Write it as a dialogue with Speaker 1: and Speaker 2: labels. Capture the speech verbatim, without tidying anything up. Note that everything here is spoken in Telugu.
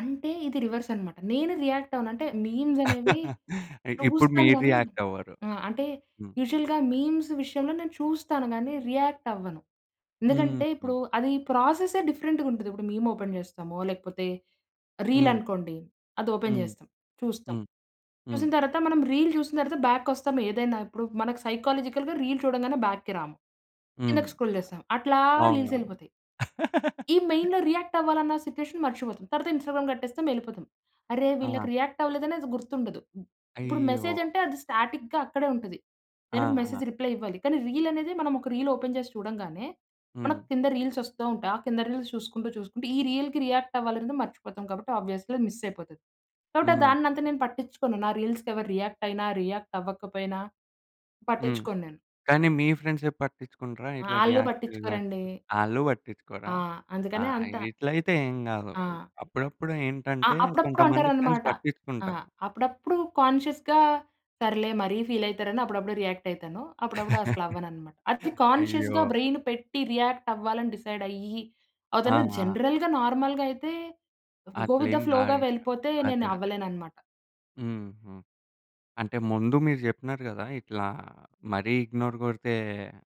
Speaker 1: అంటే, ఇది రివర్సనమాట. నేను రియాక్టవ్వను. అంటే, మీమ్సనేవి
Speaker 2: అ ఇప్పుడు
Speaker 1: చూస్తాను
Speaker 2: మీరు
Speaker 1: గానీ
Speaker 2: రియాక్టవ్వరు.
Speaker 1: ఆ! అంటే,
Speaker 2: హ్మ్.
Speaker 1: యూజువల్‌గా మీమ్స్ విషయంలో నేను చూస్తాను, గానీ రియాక్టవ్వను. ఎందుకంటే,
Speaker 2: హుహు.
Speaker 1: ఇప్పుడూ అది ప్రాసెస్సే డిఫరెంటుగుంటది. ఇప్పుడు మీమొపెన్ చేస్తామో, లేకపోతే
Speaker 2: హ్మ్.
Speaker 1: రీలనుకోండి, అదోపెన్
Speaker 2: హ్మ్.
Speaker 1: చేస్తాం. చూస్తాం.
Speaker 2: హ్మ్. హ్మ్.
Speaker 1: చూసిన తర్వాత మనం రీల్ జూసిన తర్వాత బ్యాక్‌ కొస్తాం. ఏదైనా ఇప్పుడు మనకి సైకొలాజికల్‌గా రీల్ చూడంగానే బ్యాక్‌కి రాము.
Speaker 2: హుహు.
Speaker 1: కిందకి స్క్రోల్ చేస్తాం. అట్లా
Speaker 2: అ అవునా!
Speaker 1: రీల్సెళ్ళిపోతాయి. ఈ మెయిన్‌‌లో రియాక్టవ్వాలన్న సిచ్యువేషన్ మర్చిపోతాం. తర్వాత ఇన్‌స్టాగ్రామ్ కట్టేస్తాం, యెళ్ళిపోతాం. అరే!
Speaker 2: ఆ!
Speaker 1: వీళ్ళకి రియాక్టవ్వలేదనేది గుర్తుండదు. ఇప్పుడు
Speaker 2: అయ్యో!
Speaker 1: మెసేజంటే అది స్టాటిక్‌గా అక్కడే ఉంటది. దానికి
Speaker 2: ఆహా!
Speaker 1: మెసేజ్ రిప్లై ఇవ్వాలి, కానీ రీలనేదే మనమొక రీలోపెన్ చేసి చూడంగానే,
Speaker 2: హ్మ్.
Speaker 1: మనకు కింద రీల్సొస్తూ ఉంటాయి. ఆ కింద రీల్స్ చూసుకుంటూ, చూసుకుంటూ ఈ రీల్‌కి రియాక్టవ్వాలనేది మర్చిపోతాం కాబట్టి, ఆబ్వియస్లీ అది మిస్సయిపోతది. కాబట్టి, ఆహ్,
Speaker 2: హ్మ్.
Speaker 1: దాన్నంత నేను పట్టిచ్చుకోను. నా రీల్స్‌కెవరు రియాక్టయినా, రియాక్టవ్వకపోయినా
Speaker 2: హ్మ్.
Speaker 1: పట్టిచ్చుకోను నేను.
Speaker 2: కానీ మీ ఫ్రెండ్సే పట్టిచ్చుకుంటరా
Speaker 1: ఆ!
Speaker 2: ఇట్లా
Speaker 1: ఆళ్ళు
Speaker 2: రియాక్టు గాక
Speaker 1: పట్టిచ్చుకోరండి.
Speaker 2: ఆళ్ళు బట్టించుకోరా?
Speaker 1: ఆ!
Speaker 2: ఆ!
Speaker 1: అందుకనే అంతా.
Speaker 2: ఇగిట్లయితే ఏం గాదు.
Speaker 1: ఆ!
Speaker 2: అప్పుడప్పుడు
Speaker 1: అ!
Speaker 2: ఏంటంటే,
Speaker 1: అప్పుడప్పుడు
Speaker 2: కొంతమంది ఫ్రెండ్స్
Speaker 1: అంటారనమాట. ఆ!
Speaker 2: పట్టిచ్చుకుంటారు.
Speaker 1: అప్పుడప్పుడు కాన్షియస్‌గా సర్లే, మరీ ఫీలయితారని అప్పుడప్పుడు రియాక్టయితాను. అప్పుడప్పుడు అస్సలవ్వననమాట. అది
Speaker 2: అయ్యో!
Speaker 1: కాన్షియస్‌గా బ్రైను పెట్టి, రియాక్టవ్వాలని డిసైడయ్యి ఆహ్,
Speaker 2: ఆ!
Speaker 1: తను
Speaker 2: ఆ!
Speaker 1: జనరల్‌గా, నార్మల్‌గయితే, గో విత్
Speaker 2: అట్లేం
Speaker 1: ద ఫ్లోగా
Speaker 2: గాదింకా.
Speaker 1: వెళ్ళిపోతే,
Speaker 2: అదే. అదే.
Speaker 1: నేనవ్వలేననమాట.
Speaker 2: హుహు. అంటే, ముందు మీరు చెప్పినారు గదా! ఇట్లా మరీ ఇగ్నోర్ గొరితే